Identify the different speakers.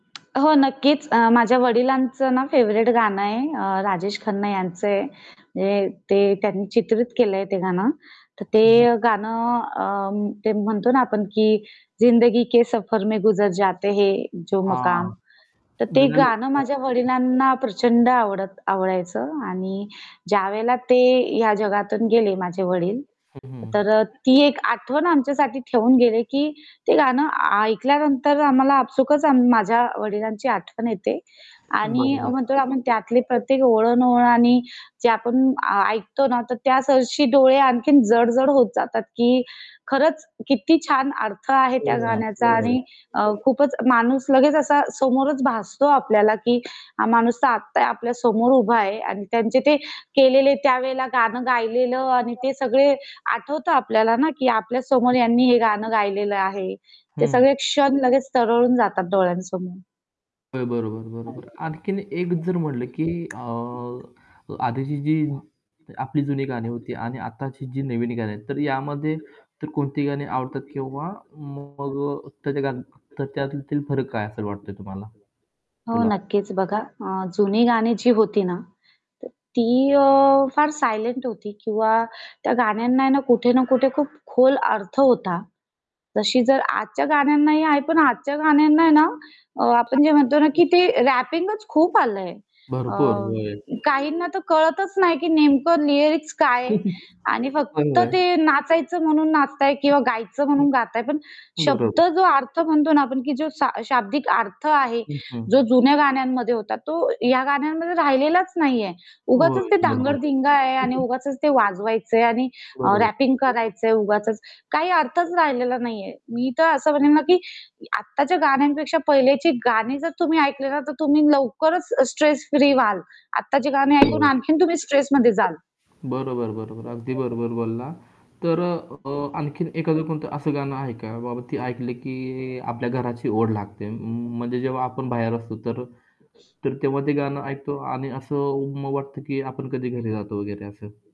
Speaker 1: हो, नक्कीच. अ, माझ्या वडिलांचं ना फेव्हरेट गाणं आहे, अ, राजेश खन्ना यांचं आहे. म्हणजे ते त्यांनी चित्रित केलंय ते गाणं. तर
Speaker 2: हं, हं.
Speaker 1: ते गाणं अ, ते म्हणतो ना आपण, की जिंदगी के सफर में गुजर जाते है जो मकाम
Speaker 2: हां,
Speaker 1: तर ते
Speaker 2: जुन्या
Speaker 1: गाणं
Speaker 2: लोकांना
Speaker 1: माझ्या
Speaker 2: [unintelligible]
Speaker 1: वडिलांना प्रचंड आवडत आवडायचं आणि ज्यावेळेला ते ह्या जगातून गेले माझे वडील,
Speaker 2: हं, हं.
Speaker 1: तर अ, ती एक आठवण आमच्यासाठी ठेवून गेले की ते गाणं ऐकल्यानंतर आम्हाला आपसूकच माझ्या वडिलांची आठवण येते आणि
Speaker 2: बरोबर.
Speaker 1: म्हणतो ना आपण त्यातले प्रत्येक ओळ अन ओळ. आणि जे आपण आ ऐकतो ना तर त्यासरशी डोळे आणखीन जड-जड होत जातात की खरंच किती छान अर्थ आहे
Speaker 2: हो
Speaker 1: त्या
Speaker 2: ना.
Speaker 1: गाण्याचा
Speaker 2: हो, हो.
Speaker 1: आणि अ, खूपच माणूस लगेच असा समोरच भासतो आपल्याला, की हा माणूस तर आता आपल्या समोर उभा आहे अन त्यांचे ते केलेले त्यावेळेला गाणं गायलेलं आणि ते सगळे आठवतं आपल्याला ना की आपल्या समोर
Speaker 2: [unintelligible]
Speaker 1: यांनी हे गाणं गायलेलं आहे. ते
Speaker 2: हं.
Speaker 1: सगळे क्षण लगेच तरळून जातात डोळ्यांसमोर.
Speaker 2: हो, बरोबर, बरोबर. आणखीन एक जर म्हटलं, की अ, आधीची जी आपली जुनी गाणी होती आणि आताची जी नवीन गाणी आहेत तर यामध्ये तर कोणती गाणी आवडतात किंवा मग त्या [unintelligible] तर त्यातील फरक काय असा वाटतोय तुम्हाला
Speaker 1: हो,
Speaker 2: तुला?
Speaker 1: नक्कीच. बघा अ, जुनी गाणी जी होती ना, तर ती अ, फार सायलेंट होती किंवा त्या गाण्यांना आहे ना कुठे ना कुठे खूप खोल अर्थ होता. तशी जर आजच्या गाण्यांनाही आहे, पण आजच्या गाण्यांना आहे ना, अ, आपण जे म्हणतो ना की ते रॅपिंगच खूप आलंय. अ
Speaker 2: भरपूर. होय.
Speaker 1: काहींना तर कळतच नाही की नेमकं लिरिक्स काय आहे आणि फक्त
Speaker 2: चांगलं
Speaker 1: ते
Speaker 2: आहे.
Speaker 1: नाचायचं म्हणून नाचताये किंवा गायचं
Speaker 2: हं,
Speaker 1: म्हणून गाताये पण
Speaker 2: हं.
Speaker 1: शब्द
Speaker 2: बरोबर.
Speaker 1: जो अर्थ म्हणतो ना आपण की जो शा शाब्दिक अर्थ आहे,
Speaker 2: हं,
Speaker 1: जो
Speaker 2: हं.
Speaker 1: जुन्या गाण्यांमध्ये होता, तो या गाण्यांमध्ये राहिलेलाच नाहीये. उगाचच
Speaker 2: होय,
Speaker 1: ते
Speaker 2: बरोबर.
Speaker 1: धांगड-धिंगा आहे
Speaker 2: हं,
Speaker 1: आणि
Speaker 2: हं.
Speaker 1: उगाचच ते वाजवायचंय आणि अ,
Speaker 2: बरोब
Speaker 1: रॅपिंग करायचंय उगाचच, काही अर्थच राहिलेला नाहीये. मी तर असं म्हणेल ना की आताच्या गाण्यांपेक्षा पहिलेची गाणी जर तुम्ही ऐकली ना, तर तुम्ही लवकरच स्ट्रेस फ्री व्हाल. आताची गाणी ऐकून आणखीन तुम्ही स्ट्रेसमध्ये जाल.
Speaker 2: बरोबर, बरोबर, अगदी बरोबर बोलला. तर अ, आणखीन एखादं कोणतं असं गाणं आहे का, बाबा ते ऐकलं की आपल्या घराची ओढ लागते म म्हणजे जेव्हा आपण बाहेर असतो तर तर तेव्हा ते गाणं ऐकतो आणि असं उम्म, वाटतं की आपण कधी घरी जातो वगैरे असं.